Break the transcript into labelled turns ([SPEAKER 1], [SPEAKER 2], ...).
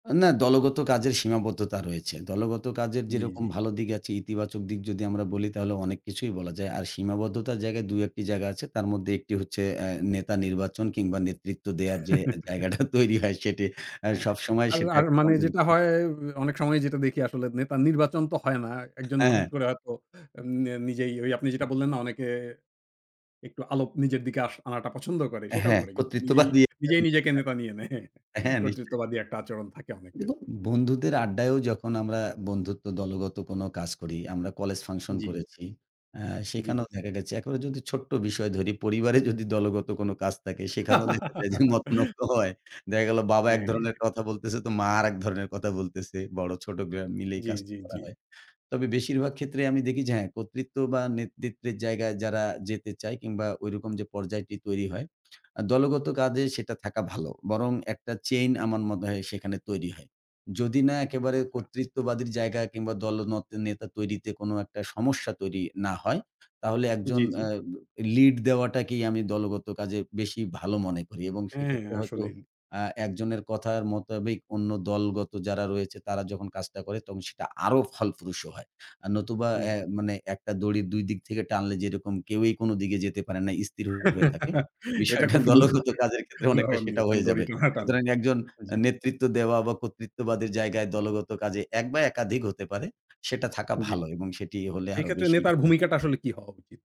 [SPEAKER 1] না, দলগত কাজের সীমাবদ্ধতা রয়েছে। দলগত কাজের
[SPEAKER 2] জ্বি,
[SPEAKER 1] যেরকম
[SPEAKER 2] জ্বি।
[SPEAKER 1] ভালো দিক আছে, ইতিবাচক দিক যদি আমরা বলি, তাহলে অনেক কিছুই বলা যায়। আর সীমাবদ্ধতার জায়গায় ২ ১ টি জায়গা আছে। তার মধ্যে ১ টি হচ্ছে, অ্যা নেতা নির্বাচন কিংবা নেতৃত্ব দেওয়ার যে জায়গাটা তৈরি হয়, সেটি অ্যা
[SPEAKER 2] হ্যাঁ, হ্যাঁ।
[SPEAKER 1] সবসময়
[SPEAKER 2] আর
[SPEAKER 1] সেটা
[SPEAKER 2] আর
[SPEAKER 1] একটা
[SPEAKER 2] মানে যেটা
[SPEAKER 1] কন্ট্রিবিউশন
[SPEAKER 2] হয়, এ অনেক সময় যেটা দেখি, আসলে নেতা নির্বাচন তো হয় না। ১ জন হঠাৎ
[SPEAKER 1] হ্যাঁ।
[SPEAKER 2] করে হয়তো এন নিজেই, ওই আপনি যেটা বললেন না? অনেকে একটু আলো নিজের দিকে আস আনাটা পছন্দ করে, সেটাও
[SPEAKER 1] হ্যাঁ,
[SPEAKER 2] করে কিন্তু। নিজেই,
[SPEAKER 1] কর্তৃত্ববাদী
[SPEAKER 2] নিজেই, নিজেকে নেতা
[SPEAKER 1] [unintelligible]
[SPEAKER 2] নিয়ে নেয়।
[SPEAKER 1] হ্যাঁ, নিশ্চয়ই।
[SPEAKER 2] কর্তৃত্ববাদী একটা আচরণ থাকে
[SPEAKER 1] উন
[SPEAKER 2] অনেকের।
[SPEAKER 1] বন্ধুদের আড্ডায়ও যখন আমরা বন্ধুত্ব দলগত কোন কাজ করি, আমরা কলেজ ফাংশন
[SPEAKER 2] জ্বি।
[SPEAKER 1] করেছি। অ্যা
[SPEAKER 2] জ্বি।
[SPEAKER 1] সেখানেও দেখা গেছে, একেবারে যদি ছোট্ট বিষয় ধরি। পরিবারে যদি দলগত কোন কাজ থাকে, সেখানেও দেখা যায় যে, মতনৈক্য হয়। দেখা গেল, বাবা এক
[SPEAKER 2] হ্যাঁ, হ্যাঁ।
[SPEAKER 1] ধরনের কথা বলতেছে, তো মা আরেক ধরনের কথা বলতেছে, বড় ছোট বে মিলেই
[SPEAKER 2] জ্বি,
[SPEAKER 1] কাজটা
[SPEAKER 2] জ্বি,
[SPEAKER 1] করা
[SPEAKER 2] জ্বি।
[SPEAKER 1] হয়। তবে বেশিরভাগ ক্ষেত্রেই আমি দেখি যে, হ্যাঁ, কর্তৃত্ব বা নেতৃত্বের জায়গায় যারা যেতে চায় কিংবা ঐরকম যে পর্যায়টি তৈরি হয়, আ দলগত কাজে সেটা থাকা ভালো। বরং ১ টা চেইন আমার মনে হয় সেখানে তৈরি হয়। যদি না একেবারে
[SPEAKER 2] আচ্ছা।
[SPEAKER 1] কর্তৃত্ববাদীর জায়গা কিংবা দলনেতা-, নেতা তৈরিতে কোনো একটা সমস্যা তৈরি না হয়, তাহলে ১ জন
[SPEAKER 2] জ্বি, জ্বি।
[SPEAKER 1] অ্যা লিড দেওয়াটাকেই আমি দলগত কাজে বেশি ভালো মনে করি। এবং
[SPEAKER 2] হ্যাঁ,
[SPEAKER 1] সেক্ষেত্রে হয়তো
[SPEAKER 2] আসলেই।
[SPEAKER 1] আ ১ জনের কথার মোতাবেক অন্য দলগত যারা রয়েছে, তারা যখন কাজটা করে তখন সেটা আরো ফলপ্রসু হয়। আ নতুবা
[SPEAKER 2] জি।
[SPEAKER 1] অ্যা মানে ১ টা দড়ির ২ দিক থেকে টানলে যেরকম কেউই কোন দিকে যেতে পারে না, স্থির হয়ে থাকে।
[SPEAKER 2] এটা
[SPEAKER 1] বিষয়টা
[SPEAKER 2] খুব সুন্দর
[SPEAKER 1] দলগত
[SPEAKER 2] ১ টা
[SPEAKER 1] কাজের ক্ষেত্রে অনেকটা
[SPEAKER 2] উদাহরণ
[SPEAKER 1] সেটা
[SPEAKER 2] দিয়েছেন।
[SPEAKER 1] হয়ে
[SPEAKER 2] দড়ি
[SPEAKER 1] যাবে।
[SPEAKER 2] টানাটানি।
[SPEAKER 1] সুতরাং ১ জন অ্যা
[SPEAKER 2] জি।
[SPEAKER 1] নেতৃত্ব দেওয়া বা কর্তৃত্ববাদের জায়গায় দলগত কাজে ১ বা একাধিক হতে পারে। সেটা থাকা
[SPEAKER 2] জ্বি।
[SPEAKER 1] ভালো এবং সেটি হলে
[SPEAKER 2] সেই
[SPEAKER 1] আরো
[SPEAKER 2] ক্ষেত্রে
[SPEAKER 1] বেশি
[SPEAKER 2] নেতার
[SPEAKER 1] ভালো হয়।
[SPEAKER 2] ভূমিকাটা আসলে কী হওয়া উচিত?